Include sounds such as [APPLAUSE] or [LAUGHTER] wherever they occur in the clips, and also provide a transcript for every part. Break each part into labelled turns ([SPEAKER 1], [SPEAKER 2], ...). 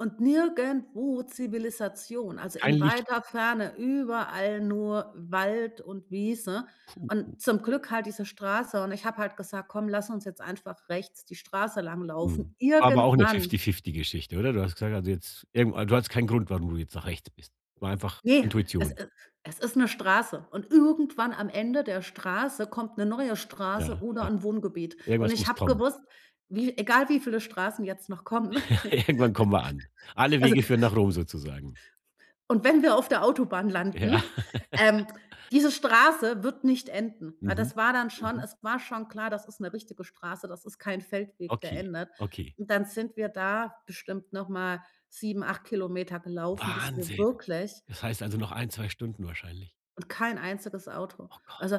[SPEAKER 1] Und nirgendwo Zivilisation, also
[SPEAKER 2] Kein
[SPEAKER 1] in weiter
[SPEAKER 2] Licht.
[SPEAKER 1] Ferne, überall nur Wald und Wiese
[SPEAKER 2] Puh.
[SPEAKER 1] und zum Glück halt diese Straße, und ich habe halt gesagt: „Komm, lass uns jetzt einfach rechts die Straße
[SPEAKER 2] Mhm,
[SPEAKER 1] langlaufen.“
[SPEAKER 2] aber auch 'ne
[SPEAKER 1] Irgendwann
[SPEAKER 2] fifty-fifty Geschichte, oder? Du hast gesagt, also jetzt irgend du hattest keinen Grund, warum du jetzt nach rechts bist, war einfach
[SPEAKER 1] Ne, es
[SPEAKER 2] Intuition.
[SPEAKER 1] e es ist 'ne Straße, und irgendwann am Ende der Straße kommt 'ne neue Straße
[SPEAKER 2] Ja,
[SPEAKER 1] oder
[SPEAKER 2] ja.
[SPEAKER 1] 'n Wohngebiet. Und
[SPEAKER 2] Irgendwas
[SPEAKER 1] ich
[SPEAKER 2] muss
[SPEAKER 1] habe
[SPEAKER 2] kommen.
[SPEAKER 1] gewusst: „Wie egal wie viele Straßen jetzt noch kommen. [CHUCKLES]
[SPEAKER 2] [CHUCKLES] Irgendwann kommen wir an. Alle
[SPEAKER 1] Also
[SPEAKER 2] Wege führen nach Rom sozusagen.
[SPEAKER 1] und wenn wir auf der Autobahn landen,
[SPEAKER 2] Ja.
[SPEAKER 1] ähm,
[SPEAKER 2] [LAUGHS]
[SPEAKER 1] diese Straße wird nicht enden.“ Weil
[SPEAKER 2] Mhm.
[SPEAKER 1] das war dann schon
[SPEAKER 2] Mhm.
[SPEAKER 1] es war schon klar, das ist 'ne richtige Straße, das ist kein Feldweg, der
[SPEAKER 2] Okay.
[SPEAKER 1] endet.
[SPEAKER 2] Okay.
[SPEAKER 1] Und dann sind wir da bestimmt noch mal 7, 8 Kilometer gelaufen, bis wir
[SPEAKER 2] Wahnsinn.
[SPEAKER 1] wirklich
[SPEAKER 2] Das heißt also noch 1, 2 Stunden wahrscheinlich.
[SPEAKER 1] Und kein einziges Auto.
[SPEAKER 2] Oh Gott.
[SPEAKER 1] Also,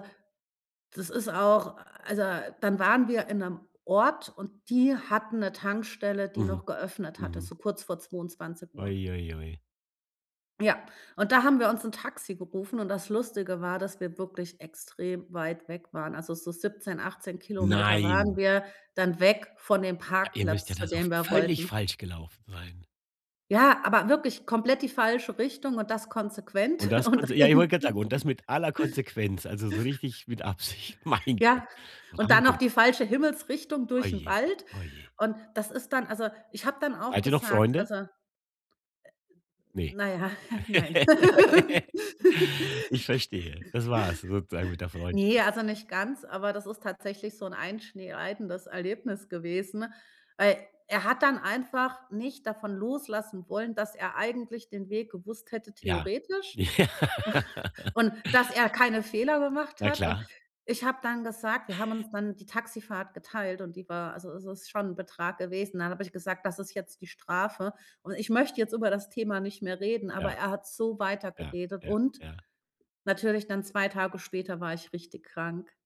[SPEAKER 1] das ist auch also, dann waren wir in 'nem Ort und die hatten 'ne Tankstelle, die
[SPEAKER 2] Mhm.
[SPEAKER 1] noch geöffnet hatte,
[SPEAKER 2] Mhm.
[SPEAKER 1] so kurz vor 22:00 Uhr.
[SPEAKER 2] Ui, ui, ui.
[SPEAKER 1] Ja, und da haben wir uns 'n Taxi gerufen, und das Lustige war, dass wir wirklich extrem weit weg waren. Also so 17, 18 Kilometer waren
[SPEAKER 2] Nein.
[SPEAKER 1] wir dann weg von dem
[SPEAKER 2] Ja ihr müsst ja
[SPEAKER 1] Parkplatz,
[SPEAKER 2] da
[SPEAKER 1] zu
[SPEAKER 2] so
[SPEAKER 1] dem wir
[SPEAKER 2] völlig
[SPEAKER 1] wollten.
[SPEAKER 2] falsch gelaufen sein.
[SPEAKER 1] Ja, aber wirklich komplett die falsche Richtung und das konsequent
[SPEAKER 2] Und das
[SPEAKER 1] und auch
[SPEAKER 2] konse ja, ich wollt
[SPEAKER 1] irgend
[SPEAKER 2] grad sagen, und das mit aller Konsequenz, also so richtig mit Absicht. Mein Gott.
[SPEAKER 1] Ja, und dann noch
[SPEAKER 2] Wahnsinn.
[SPEAKER 1] die falsche Himmelsrichtung
[SPEAKER 2] Oh
[SPEAKER 1] durch 'n
[SPEAKER 2] je.
[SPEAKER 1] Wald,
[SPEAKER 2] Oh je.
[SPEAKER 1] und das ist dann also ich habe dann auch
[SPEAKER 2] Seid ihr noch
[SPEAKER 1] gesagt,
[SPEAKER 2] Freunde?
[SPEAKER 1] also äh,
[SPEAKER 2] Ne.
[SPEAKER 1] Na ja, [CHUCKLES] nein. [LAUGHS]
[SPEAKER 2] [LAUGHS] Ich verstehe. Das war's sozusagen mit der Freundschaft.
[SPEAKER 1] Ne, also nicht ganz, aber das ist tatsächlich so 'n einschneidendes Erlebnis gewesen, weil er hat dann einfach nicht davon loslassen wollen, dass er eigentlich den Weg gewusst hätte
[SPEAKER 2] Ja.
[SPEAKER 1] theoretisch u
[SPEAKER 2] Ja.
[SPEAKER 1] und dass er keine Fehler gemacht
[SPEAKER 2] Na
[SPEAKER 1] hat. Und
[SPEAKER 2] klar.
[SPEAKER 1] ich habe dann gesagt wir haben uns dann die Taxifahrt geteilt und die war also, es ist schon 'n Betrag gewesen, dann habe ich gesagt: „Das ist jetzt die Strafe, und ich möchte jetzt über das Thema nicht mehr reden“, aber
[SPEAKER 2] Ja.
[SPEAKER 1] er hat so weiter
[SPEAKER 2] Ja,
[SPEAKER 1] geredet,
[SPEAKER 2] ja,
[SPEAKER 1] und
[SPEAKER 2] ja.
[SPEAKER 1] natürlich dann 2 Tage später war ich richtig krank.